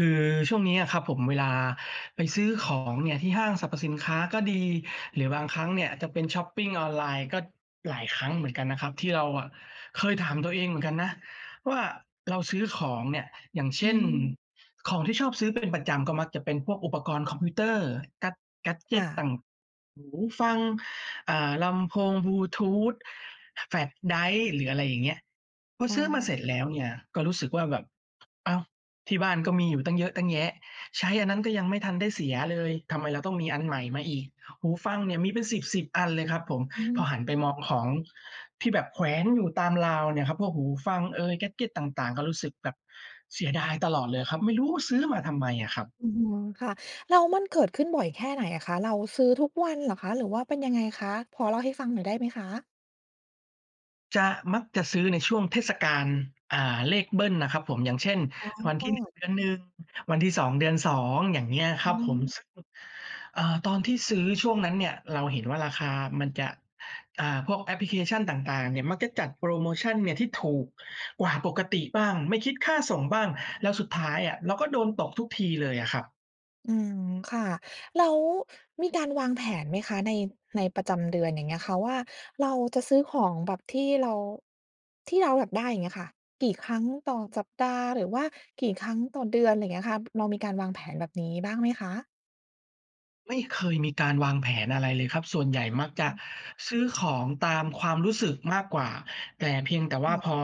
คือช่วงนี้อะครับผม เวลาไปซื้อของเนี่ยที่ห้างสรรพสินค้าก็ดี หรือบางครั้งเนี่ยจะเป็นช็อปปิงออนไลน์ ก็ หลายครั้งเหมือนกันนะครับ ที่เราอะเคยถามตัวเองเหมือนกันนะว่า เราซื้อของเนี่ย อย่างเชอื่น ม ของที่ชอบซื้อเป็นประจำก็มักจะเป็นพวกอุปกรณ์คอมพิวเตอร์ แกด แกดเจค่ต ะ ต่าง ๆ หูฟัง อ่า ลำโพงบลูทูท แฟลชไดรฟ์ หรืออะไรอย่างเงี้ย พออซื้อมาเา สร็จแล้วเนี่ยก็รู้สึกว่าแบบ "อ้าว ที่บ้านก็มีอยู่ตั้งเยอะตั้งแยะ ใช้อันนั้นก็ยังไม่ทันได้เสียเลย ทำไมเราต้องมีอันใหม่มาอีก?" หูฟังเนี่ยมีเป็นสิบ ๆ อันเลยครับผม อืม พอหันไปมคอ่งะ ของที่แบบแขวนอยู่ตามราวเนี่ยครับ พวกหูฟังเอย แกดเจต ต่าง ๆ ก็รู้สึกแบบเสียดายตลอดเลยอะครับ ไม่รู้ซื้อมาทำไมอะครับ อือฮึ ค่ะ แล้วมันเกิดขึ้นบ่อยแค่ไหนอะคะ? เราซื้อทุกวันเหรอคะ? หรือว่าเป็นยังไงคะ? พอเล่าให้ฟังหน่อยได้ไหมคะ? จะ มักจะซื้อในช่วงเทศกาล อ่า เลขเบิลน่ะครับผม อย่างเช่น อวันท๋ี่ 1 อ เดือน 1 วันที่ 2 เดือน 2 อย่างเงี้ยคอืรับผม ม ซึ่ง เอ่อ ตอนที่ซื้อช่วงนั้นเนี่ย เราเห็นว่า ราคามันจะ อ่า พวกแอปพลิเคชันต่าง ๆ เนี่ยมักจะจัดโพรโมชันเนี่ยที่ถูกกว่าปกติบ้าง ไม่คิดค่าส่งบ้าง แล้วสุดท้ายอะเราก็โดนตกทุกทีเลยอะครับ อืม ค่ะ แล้วมีการวางแผนไหมคะ? ใน ในประจำเดือน อย่างเงี้ยค่ะว่า เราจะซื้อของแบบที่เรา ที่เราอยากได้ อย่างเงี้ยค่ะ กี่ครั้งต่อสัปดาห์ หรือว่ากี่ครั้งต่อเดือน ไรเงี้ยค่ะ เรามีการวางแผนแบบนี้บ้างไหมคะ? ไม่เคยมีการวางแผนอะไรเลยครับ ส่วนใหญ่มักจะอือฮึ ซื้อของตามความรู้สึกมากกว่า แต่ เพียงแต่วค่า่ะ พอ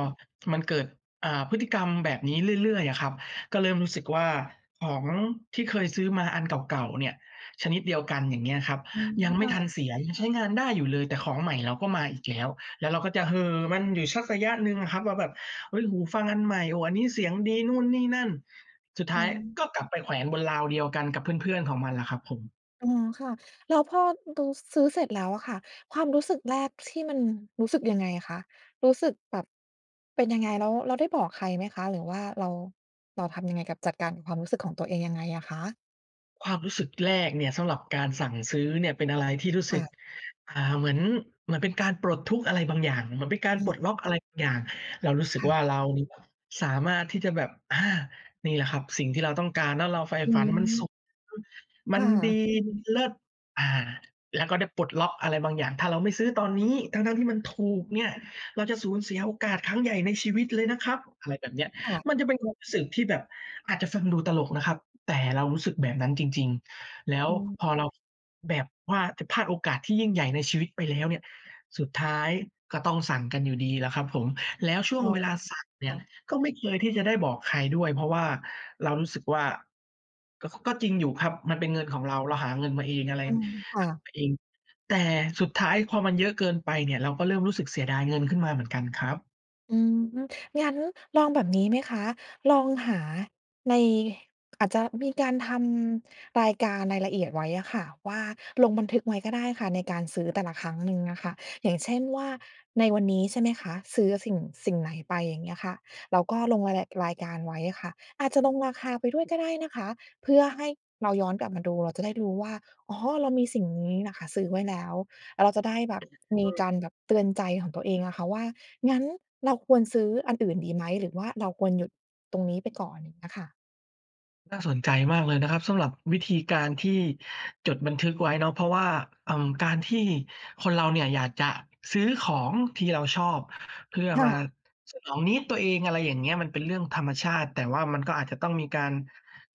มันเกิด อ่า พฤติกรรมแบบนี้เรื่อย ๆ อะครับ ก็เริ่มรู้สึกว่า ของที่เคยซื้อมาอันเก่า ๆ เนี่ย ชนิดเดียวกัน อย่างเงี้ยครับ อืม ยังไมค่่ทันะ เสีย ยังใช้งานได้อยู่เลย แต่ของใหม่เราก็มาอีกแล้ว แล้วเราก็จะเห่อมันอยู่สักระยะหนึ่งอะครับว่า แบบ เฮ้ย หูฟังอันใหม่ โอ้ อันนี้เสียงดี นู่นนี่นั่น สุดทอื้ายม ก็กลับไปแขวนบนราวเดียวกันกับเพื่อน ๆ ของมันแหละครับผม อ๋อ ค่ะ แล้วพอดู ซื้อเสร็จแล้วอะค่ะ ความรู้สึกแรกที่มัน รู้สึกยังไงอะคะ? รู้สึกแบบ เป็นยังไง? แล้ว แล้วได้บอกใครไหมคะ? หรือว่าเรา เราทำยังไงกับ จัดการกับความรู้สึกของตัวเองยังไงอะคะ? ความรู้สึกแรกเนี่ยสำหรับการสั่งซื้อเนี่ย เป็นอะไรที่รู้คส่ึก ะ อ่า เหมือน เหมือนเป็นการปลดทุกข์อะไรบางอย่าง เหมือนเป็นการอปลดืม ล็อกอะไรบางอย่าง เรารู้สึคก่วะ ่า เราเนี่ยสามารถที่จะแบบ อา นี่แหละครับสิ่งที่เราต้องการ แล้วเราใฝ่อืฝอัฮน มันสึ ุขสุด ๆ มัคน่ดี ะ มันเลิศ อา แล้วก็ได้ปลดล็อกอะไรบางอย่าง "ถ้าเราไม่ซื้อตอนนี้ ทั้ง ๆ ที่มันถูกเนี่ย เราจะสูญเสียโอกาสครั้งใหญ่ในชีวิตเลยนะครับ" อะไรแบบเนี้ย ค่ะ มันจะเป็นความรู้สึกที่แบบอาจจะฟังดูตลกนะครับ แต่เรารู้สึกแบบนั้นจริง ๆ แล้วอืม พอเรา แบบว่าจะพลาดโอกาสที่ยิ่งใหญ่ในชีวิตไปแล้วเนี่ย สุดท้ายก็ต้องสั่งกันอยู่ดีแหละครับผม แล้วช่วอง๋อ เวลาสั่งเนคี่่ยะ ก็ไม่เคยที่จะได้บอกใครด้วย เพราะว่าเรารู้สึกว่า ก็ ค ก็จริงอยู่ครับมันเป็นเงินของเรา เราหาเงินมาเอง อะไร อืม ค่หาะ มาเอง แต่สุดท้าย พอมันเยอะเกินไปเนี่ย เราก็เริ่มรู้สึกเสียดายเงินขึ้นมาเหมือนกันครับ อืม งั้นลองแบบนี้ไหมคะ? ลองหาใน อาจจะมีการทำรายการ รายละเอียดไว้อะค่ะว่า ลงบันทึกไว้ก็ได้ค่ะในการซื้อแต่ละครั้งหนึ่งอะค่ะ อย่างเช่นว่า ในวันนี้ ใช่ไหมคะ ซื้ออะสิ่ง สิ่งไหนไป อย่างเงี้ยค่ะ เราก็ลงรายละ รายการไว้อะค่ะ อาจจะลงราคาไปด้วยก็ได้นะคะ เพื่อให้เราย้อนกลับมาดู เราจะได้รู้ว่า อ๋อ เรามีสิ่งนี้น่ะค่ะซื้อไว้แล้ว อะ เราจะได้แบบมีการแบบเตือนใจของตัวเองอะค่ะว่า งั้นเราควรซื้ออันอื่นดีไหม? หรือว่าเราควรหยุดตรงนี้ไปก่อน อย่างเงี้ยค่ะ น่าสนใจมากเลยนะครับ สำหรับวิธีการที่จดบันทึกไว้เนาะ เพราะว่า เอ่อ การที่คนเราเนี่ยอยากจะซื้อของที่เราชอบ เพื่อค่มาะ สนองนีดตัวเอง อะไรอย่างเงี้ย มันเป็นเรื่องธรรมชาติ แต่ว่ามันก็อาจจะต้องมีการ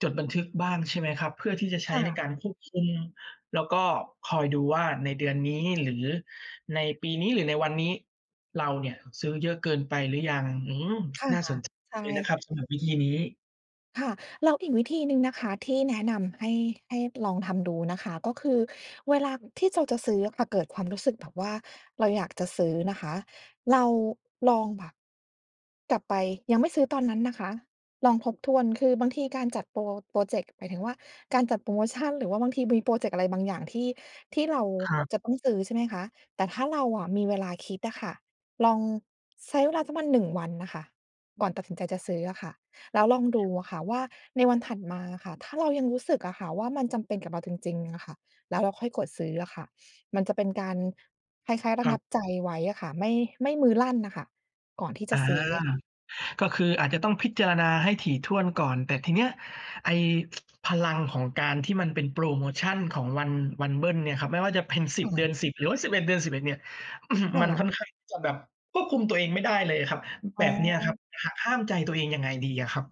จดบันทึกบ้าง ใช่ไหมครับ เพื่อที่จะใชค้่ในะ การควบคุม แล้วก็คอยดูว่าในเดือนนี้ หรือในปีนี้ หรือในวันนี้ เราเนี่ยซื้อเยอะเกินไปหรือยัง? อืม ค่ะ น่าสนใจใชเลยนะ่ ครับสำหรับวิธีนี้ ค่ะ แล้วอีกวิธีหนึ่งนะคะที่แนะนำ ให้ ให้ลองทำดูนะคะ ก็คือเวลาที่เราจะซื้ออะ เกิดความรู้สึกแบบว่าเราอยากจะซื้อนะคะ เราลองแบบ กลับไป ยังไม่ซื้อตอนนั้นนะคะ ลองทบทวน คือบางทีการจัดพรอ พรอเจกต์ หมายถึงว่าการจัดโพรโมชัน หรือว่าบางทีมีพรอเจกต์อะไรบางอย่าง ที่ ที่เราครับ จะต้องซื้อ ใช่ไหมคะ แต่ถ้าเราอะมีเวลาคิดอะค่ะ ลอง ใช้เวลาสักประมาณ 1 วันนะค่ะ ก่อนตัดสินใจจะซื้ออะค่ะ แล้วลองดูอะค่ะว่า ในวันถัดมาอะค่ะ ถ้าเรายังรู้สึกอะค่ะว่า มันจำเป็นกับเราจริง ๆ อะค่ะ แล้วเราค่อยกดซื้ออะค่ะ มันจะเป็นการ คล้าย ๆ ระครังับ บใจไว้อะค่ะ ไม่ ไม่มือลั่นอะค่ะ ก่อนที่อจา ะซื้ออะค่ะ ก็คืออาจจะต้องพิจารณาให้ถี่ถ้วนก่อน แต่ทีเนี้ยไอ้ พลังของการที่มันเป็นโพรโมชันของวัน วันเบิลเนี่ยครับ ไม่ว่าจะเป็น สิคบ ่เดือะ น 10 หรือว่า 11 เดือน 11 เนี่ย ค่มันะ ค่อนข้างที่จะแบบควบคุมตัวเองไม่ได้เลยอะครับ อแ๋บบเนี้ยครับ อ หักห้ามใจตัวเองยังไงดีอะครับ?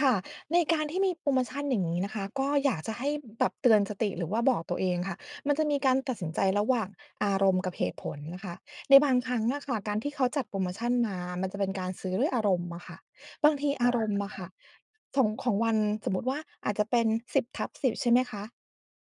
ค่ะ ในการที่มีโพรโมชันอย่างงี้นะคะ ก็อยากจะให้แบบเตือนสติ หรือว่าบอกตัวเองค่ะ มันจะมีการตัดสินใจระหว่างอารมณ์กับเหตุผลนะคะ ในบางครั้งอะค่ะ การที่เขาจัดโพรโมชันมา มันจะเป็นการซื้อด้วยอารมณ์อะค่ะ บางทีออา ารใมหณ้์ออยะาค่ก ะ ของ ของวัน สมมุติว่าอาจจะเป็น 10/10 ใช่ไหมคะ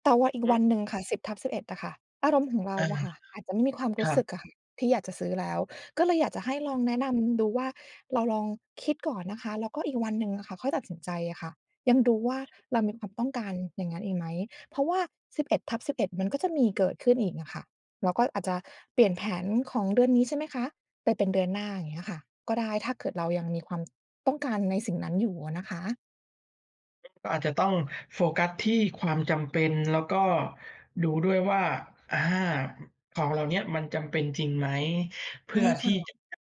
แต่ว่าอีกฮวันึ หนึ่งค่ะ 10/11 อะค่ะ อารมณ์ของเราอา อะค่ะ อาจจะไม่มีความรคูร้ัสึบ กอะค่ะที่อยากจะซื้อแล้ว ก็เลยอยากจะให้ลองแนะนำดูว่า เราลองคิดก่อนนะคะ แล้วก็อีกวันหนึ่งอะค่ะ ค่อยตัดสินใจอะค่ะ ยังดูว่าเรามีความต้องการอย่างงั้นอีกไหม? เพราะว่า 11/11 มันก็จะมีเกิดขึ้นอีกอะค่ะ เราก็อาจจะเปลี่ยนแผนของเดือนนี้ ใช่ไหมคะ ไปเป็นเดือนหน้า อย่างเงี้ยอะค่ะ ก็ได้ ถ้าเกิดเรายังมีความต้องการในสิ่งนั้นอยู่อะนะคะ ก็อาจจะต้องโฟกัสที่ความจำเป็น แล้วก็ดูด้วยว่า อา ของเหล่าเนี้ยมันจำเป็นจริงไหม? เพใชื่่อคท่ี่ะ จะได้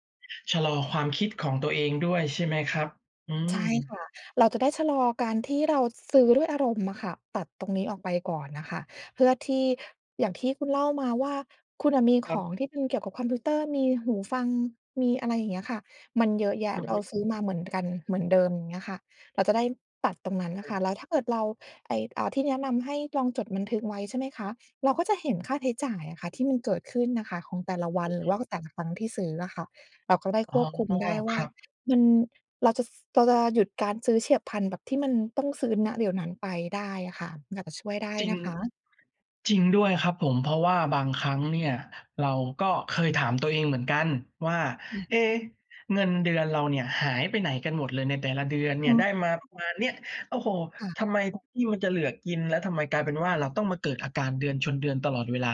ชะลอความคิดของตัวเองด้วยใช่ไหมครับ? อืใม ช่ค่ะ เราจะได้ชะลอการที่เราซื้อด้วยอารมณ์อะค่ะ ตัดตรงนี้ออกไปก่อนน่ะค่ะ เพื่อที่ อย่างที่คุณเล่ามาว่า คุณน่ะมีคขรับ องที่เป็นเกี่ยวกับคอมพิวเตอร์ มีหูฟัง มีอะไรอย่างเงี้ยค่ะ มันเยอะแยะ อือเรฮาึ ซื้อมาเหมือนกัน เหมือนเดิม อย่างเงี้ยค่ะ เราจะได้ตัดตรงนั้นน่อะค่ะ ืม แล้วถ้าเกิดเรา ไอ้ อ่า ที่แนะนำให้ลองจดบันทึกไว้ ใช่ไหมคะ เราก็จะเห็นค่าใช้จ่ายอะค่ะที่มันเกิดขึ้นน่ะค่ะของแต่ละวัอน ือหรฮือึ ว่าแต่ละครั้งที่ซื้ออะค่ะ เราก็ได้อ๋อ ควบคุมได้วค่รา ับ มัน เราจะ ซ เราจะหยุดการซื้อเฉียบพลัน แบบที่มันต้องซื้อ ณ เดี๋ยวนั้นไปได้อะค่ะ อาจจะช่วยได้จริง นะคะ จริงด้วยครับผม เพราะว่าบางครั้งเนี่ยเราก็เคยถามตัวเองเหมือนกันว่า อืม เอ๊ เงินเดือนเราเนี่ยหายไปไหนกันหมดเลย ในแต่ละเดือนเอน๋ีอ ่ยได้มาค่ปะ ระมาณเนี้ย โอ้โฮ ค่ะ ทำไมทุกทีมันจะเหลือกิน แล้วทำไมกลายเป็นว่าเราต้องมาเกิดอาการเดือนชนเดือนตลอดเวลา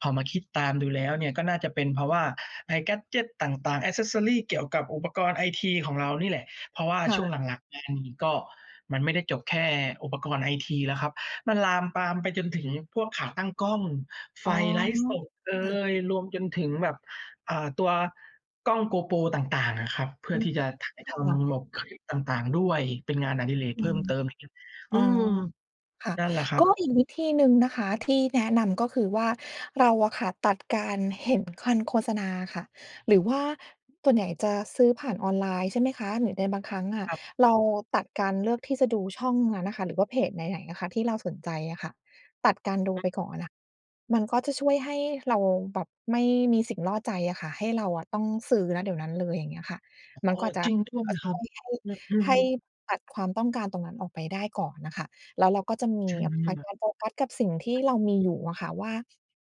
พอมาคิดตามดูแล้วเนี่ย ก็น่าจะเป็นเพราะว่าไอ้ แกดเจต ต่าง ๆ Accessories เกี่ยวกับอุปกรณ์ไอทีของเรานี่แหละ เพราะว่าค่ช่ะ วงหลัง ๆ มานี่ก็ มันไม่ได้จบแค่อุปกรณ์ไอทีแล้วครับ มันลามปามไปจนถึงพวกขาตั้งกล้อง ไอฟ๋อ ไลฟ์สดเอค่ะ ย รวมจนถึงแบบ อ่า ตัวกล้อง GoPro ต่าง ๆ อะครับ เพือ่ือม ที่จะถ่ายคท่ะ ำหลบคลิปต่าง ๆ ด้วย เป็นงานอดิเรกอเืพิ่ม มเติม อย่างงี้ ออ๋ือ ม ค่ะ นั่นแหละครักบ ็อีกวิธีหนึ่งนะคะที่แนะนำ ก็คือว่า เราอะค่ะตัดการเห็นคันโฆษณาค่ะ หรือว่าส่วนใหญ่จะซื้อผ่านออนไลน์ ใช่ไหมคะ หรือในบางครั้งอะ ครับ เราตัดการเลือกที่จะดูช่องนั้นอะค่ะ หรือว่าเพจไหน ๆ อะคะที่เราสนใจอะค่ะ ตัดการดูอืม ไปก่อนอะ มันก็จะช่วยให้เราแบบไม่มีสิ่งล่อใจอะค่ะ ให้เราอะต้องซื้อ ณ เดี๋ยวนั้นเลย อย่างเงี้ยค่ะ มอัน้กอ ็อาจจะ จริงด้วยอ่า ครชั่บ วยให้ อ อืใหอ ้ตัดความต้องการตรงนั้นออกไปได้ก่อนน่ะค่ะ แล้วเราก็จะมี ใช่เอไ่หอ ไป ม? การโฟกัสกับสิ่งที่เรามีอยู่อะค่ะว่า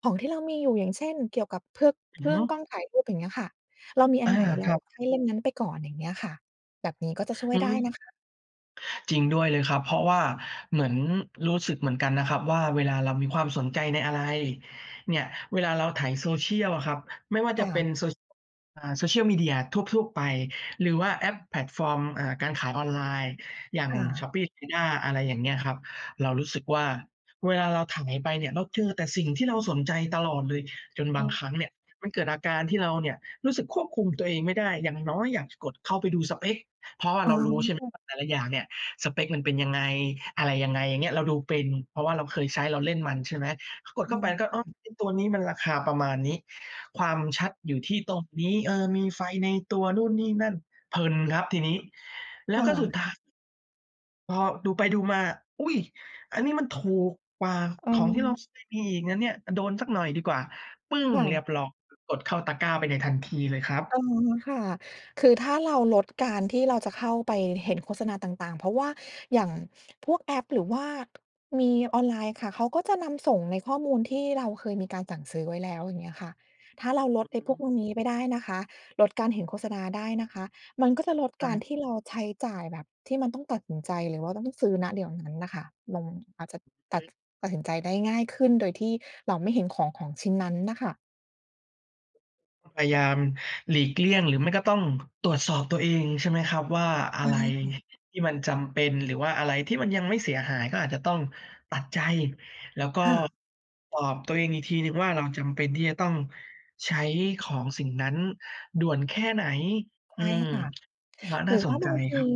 ของที่เรามีอยู่ อย่างเช่น เกี่ยวกับเพือก อเืพอื่ฮอึ ง กล้องถ่ายรูปอย่างเงี้ยค่ะ เรามีออันา ไหน เรคารับ ใช้เลนส์นั้นไปก่อน อย่างเงี้ยค่ะ แบบนี้ก็จะช่วอืยไดม ้นะคะ จริงด้วยเลยครับ เพราะว่าเหมือน รู้สึกเหมือนกันนะครับว่า เวลาเรามีความสนใจในอะไร เนี่ย เวลาเราไถ Social อะครับ ไม่ว่าคจ่ะเป็ะ น Social อ่า Social Media ทั่ว ๆ ไป หรือว่าแอปแพลตฟอร์ม อ่า การขายออนไลน์ อย่าง ค่ชะ ้อปปี้ ลาซาด้า อะไรอย่างเงี้ยครับ เรารู้สึกว่า เวลาเราไถไปเนี่ย เราเจอแต่สิ่งที่เราสนใจตลอดเลย จนอบืางม ครั้งเนี่ยมันเกิดอาการที่เราเนี่ยรู้สึกควบคุมตัวเองไม่ได้ อย่างน้อยอยากจะกดเข้าไปดูสเปก เพราะว่าอ๋เรารู้ใช่ไหมอ ว่า แต่ละอย่างเนี่ยสเปกมันเป็นยังไง อะไรยังไง? อย่างเงี้ย เราดูเป็น เพราะว่าเราเคยใช้ เราเล่นมัน ใช่ไหม ก็กดอเืข้าไปม ก็ คอ๋่อ ะ ไอ้ตัวนี้มันราคาประมาณนี้ ความชัดอยู่ที่ตรงนี้ เออ มีไฟในตัว นู่นนี่นั่น เพลินครับทีนี้ แล้คว่ก็สุดะ ท้าย พอดูไปดูมา อุ๊ย! อันนี้มันถูกกว่าของที่เราเคยมีอีกนะเนี่ย โดนสักหน่อยดีกว่า ปึ้ง! ค่เรียะ บร้อย กดเข้าตะกร้าไปในทันทีเลยครับ อ๋อ ค่ะ คือถ้าเราลดการที่เราจะเข้าไปเห็นโฆษณาต่าง ๆ เพราะว่าอย่างพวกแอป หรือว่า มีออนไลน์ค่ะ เขาก็จะนำส่งในข้อมูลที่เราเคยมีการสั่งซื้อไว้แล้ว อย่างเงี้ยอะค่ะ ถ้าเราลอดไอ้พวก ืม พวกนี้ไปได้นะคะ ลดการเห็นโฆษณาได้นะคะ มันก็จะลดใการช่ ที่เราใช้จ่ายแบบที่มันต้องตัดสินใจ หรือว่าต้องซื้อ ณ เดี๋ยวนั้นน่ะค่ะ มัน อาจจะตัอด ือ ตัดสินใจได้ง่ายขึ้นโดยที่เราไม่เห็นของ ของชิ้นนั้นน่ะค่ะ พยายามหลีกเลี่ยงหรือไม่ก็ต้องตรวจสอบตัวเอง ใช่ไหมครับ ว่าอใชะ่ ไรค่ะ ที่มันจำเป็น หรือว่าอะไรที่มันยังไม่เสียหายก็อาจจะต้องตัดใจ แล้วก็ค่ะ ตอบตัวเองอีกทีหนึ่งว่า เราจำเป็นที่จะต้องใช้ของสิ่งนั้นด่วนแค่ไหน? ใอืช่ม ค่ะ แล้วนห่ราือสว่านใบจางทครี ับ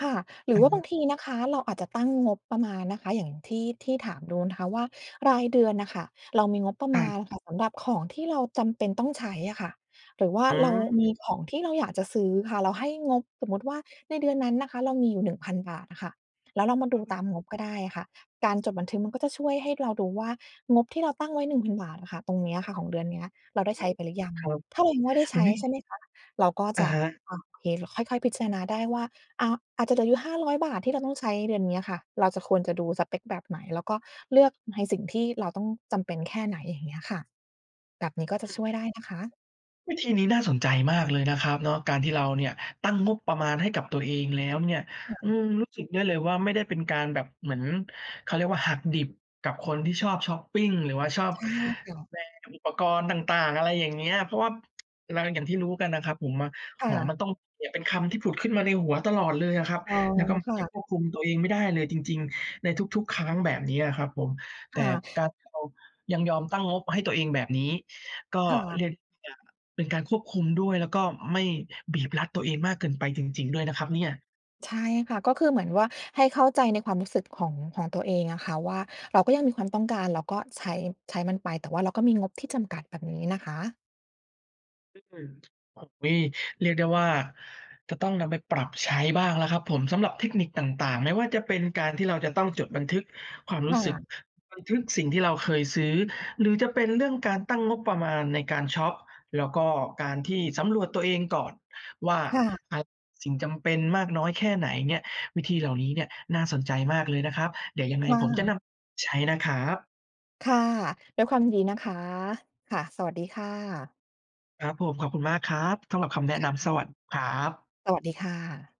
ค่ะ หรืออะว่าฮบะ างทีนะคะ เราอาจจะตั้งงบประมาณนะคะ อย่างที่ ที่ถามดูนะคะว่า รายเดือนน่ะค่ะ เรามีงบประคมรัาบ ณอะค่ะสำหรับของที่เราจำเป็นต้องใช้อะค่ะ หรือว่าอืเรามีม ของที่เราอยากจะซื้อค่ะ เราให้งบ สมมุติว่าในเดือนนั้นนะคะเรามีอยู่ 1,000 บาทอะค่ะ แล้วเรามาคดูตารับ มงบก็ได้อะค่ะ การจดบันทึกมันก็จะช่วยให้เรารู้ว่างบที่เราตั้งไว้ 1,000 บาทอะค่ะ ตรงเนี้ยอะค่ะของเดือนเนี้ย เราได้อใืชอ้ฮึ ไปหรือยัง? ครับ ถ้าเรายังไม่ได้ใชอุ๊้ ย! ใช่ไหมคะ เราก็อจะะ ฮะ อะ โอเค ค่อย ๆ พิจารณาได้ว่า อา อาจจะเหลืออยู่ 500 บาท ที่เราต้องใช้เดือนเนี้ยค่ะ เราจะ ควรจะดูสเปกแบบไหน? แล้วก็เลือกในสิ่งที่เราต้อง จำเป็นแค่ไหน? อย่างเงี้ยค่ะ แบบนี้ก็จะอช่วยือ ได้นะคะ วิธีนี้น่าสนใจมากเลยนะครับเนาะ การที่เราเนี่ยตั้งงบประมาณให้กับตัวเองแล้วเนี่ย ค่อืะ ม รู้สึกได้เลยว่า ไม่ได้เป็นการแบบเหมือน เขาเรียกว่า หักดิบกับคนที่ชอบชอปปิงหรือว่าชอบใช่ค่ะ แบนอุปกรณ์ต่าง ๆ อะไรอย่างเงี้ย เพราะว่า เรา อย่างที่รู้กันนะครับ ผมอะ ค"ข่องมะ ันต้องมี" เนี่ยเป็นคำที่ผุดขึ้นมาในหัวตลอดเลยอะครับ อ๋อ แล้วก็มัคน่จะ ะควบคุมตัวเองไม่ได้เลยจริง ๆ ในทุก ๆ ครั้ง แบบเนี้ยอะครับผม แตค่่กะ ารที่เรายังยอมตั้งงบให้ตัวเองแบบนี้ ก็ค่เระ ียกอีกอย่าง เป็นการควบคุมด้วย แล้วก็ไม่บีบรัดตัวเองมากเกินไปจริง ๆ ด้วยนะครับเนี่ย ใช่ค่ะ ก็คือเหมือนว่าให้เข้าใจในความรู้สึกของ ของตัวเองอะค่ะ ว่าเราก็ยังมีความต้องการ เราก็ใช้ ใช้มันไป แต่ว่าเราก็มีงบที่จำกัด แบบนี้นะคะ ออก มี เรียกได้ว่าจะต้องนำไปปรับใช้บ้างแล้วครับผม สำหรับเทคนิคต่าง ๆ ไม่ว่าจะเป็นการที่เราจะต้องจดบันทึกความรคู้สึก ่ะ บันทึกสิ่งที่เราเคยซื้อ หรือจะเป็นเรื่องการตั้งงบประมาณในการชอป แล้วก็การที่สำรวจตัวเองก่อนว่า ค่ะ อะ สิ่งจำเป็นมากน้อยแค่ไหนเนี่ย วิธีเหล่านี้เนี่ยน่าสนใจมากเลยนะครับ เดี๋ยวยังไงค่ผมจะนะ ำไปใช้นะครับ ค่ะ ด้วยความยินดีนะคะ ค่ะ สวัสดีค่ะ ครับผม ขอบคุณมากครับสำหรับคำแนะนำ สวัสดีครับ สวัสดีค่ะ